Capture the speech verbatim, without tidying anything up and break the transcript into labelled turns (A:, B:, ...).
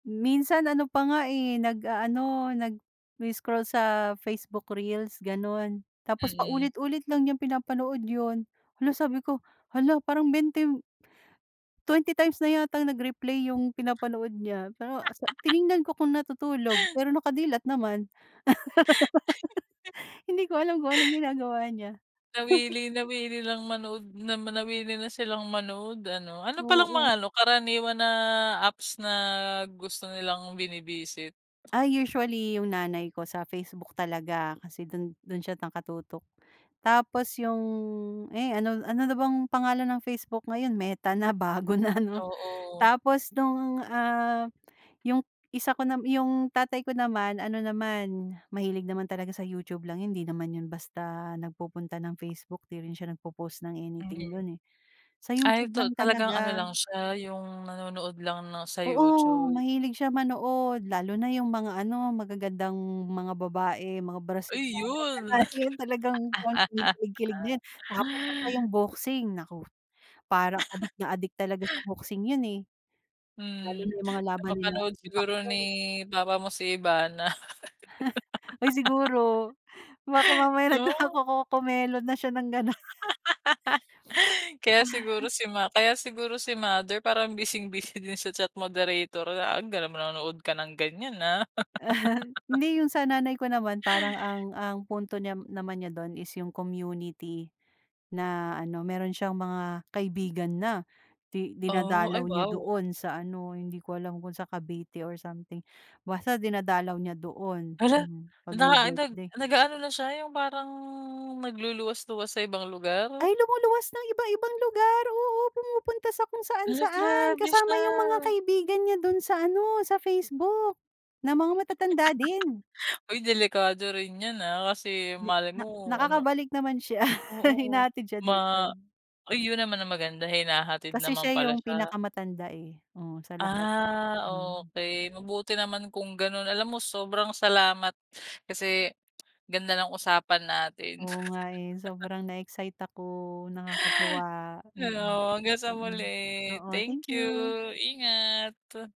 A: Minsan ano pa nga eh, nag-a-ano, nagi-scroll sa Facebook reels, ganon. Tapos
B: Mm.
A: paulit-ulit lang niyang pinapanood 'yon. 'La sabi ko, "hala parang bente" twenty times na yatang nag-replay yung pinapanood niya. Pero sa tiningnan ko kung natutulog, pero naka dilat naman. Hindi ko alam kung anong ginagawa niya.
B: Nawili nawili lang manood, na ma nawili na silang manood ano. Ano pa lang mga
A: Oo.
B: ano, karaniwan na apps na gusto nilang bini-visit?
A: Ah, usually 'yung nanay ko sa Facebook talaga kasi dun dun siya nakatutok. Tapos 'yung, eh ano ano na bang pangalan ng Facebook ngayon, Meta na, bago na 'no.
B: Oo.
A: Tapos nung, ah, 'yung isa ko nam 'yung tatay ko naman, ano naman, mahilig naman talaga sa YouTube lang 'yun, hindi naman 'yun basta nagpupunta ng Facebook. Di rin siya nagpo-post ng
B: Mhm.
A: anything dun eh. Sa
B: Ay,
A: YouTube
B: to
A: lang
B: talagang ano
A: talaga.
B: lang siya, 'yung nanonood lang ng sa
A: Oo,
B: YouTube.
A: mahilig siya manood, lalo na 'yung mga ano, magagandang mga babae, mga Brazilian na
B: Ayun.
A: lahi, talagang kon kinikilig-kilig na 'yan. Tapos isa pa 'yung boxing, nako. Parang adik na adik talaga sa boxing 'yun, eh. Lalo na
B: Hmm,
A: 'yung mga laban nila
B: napapanood
A: ni
B: siguro ni
A: Pacquiao.
B: papa mo si Ivana.
A: Ay siguro, baka mamaya
B: No?
A: nagko-co-comelon na siya ng ganoon.
B: Kaya siguro si ma kaya siguro si mother, parang bising-busy din sa chat moderator. Ah, gano'n manonood ka ng ganyan ah.
A: Hindi 'yung sa nanay ko naman, parang ang ang punto niya naman niya don is 'yung community na ano, meron siyang mga kaibigan na di
B: Oh, ay
A: dinadalaw niya
B: wow.
A: doon sa ano, hindi ko alam kung sa Cavite or something. Basta dinadalaw niya doon,
B: Hala!
A: hmm, 'pag may
B: Naanag
A: birthday.
B: nag-a-ano na siya, yung parang nagluluwas-luwas sa ibang lugar?
A: Ay lumuluwas ng iba-ibang lugar. Oo, pumupunta sa kung
B: Hala,
A: saan-saan.
B: grabe
A: Kasama 'yung mga
B: siya.
A: kaibigan niya dun sa ano sa Facebook, na mga matatanda din.
B: Oy delikado rin 'yan, ah. Kasi
A: Di
B: malay
A: na
B: mo, ano.
A: nakakabalik naman siya,
B: Oo,
A: hinahatid siya
B: ma
A: dito.
B: ayun naman ang maganda, hinahatid
A: Kasi
B: naman
A: siya
B: pala
A: 'yung
B: siya.
A: pinakamatanda eh. Oo, sa lahat.
B: Ah,
A: Hmm.
B: okey, mabuti naman kung ganun. Alam mo, sobrang salamat kasi ganda ng usapan natin.
A: Oo nga eh, sobrang na-excite ako, nakakatuwa. Mm,
B: Heyo, hanggang sa
A: mm.
B: muli.
A: Oo, thank
B: Thank you.
A: you.
B: Ingat.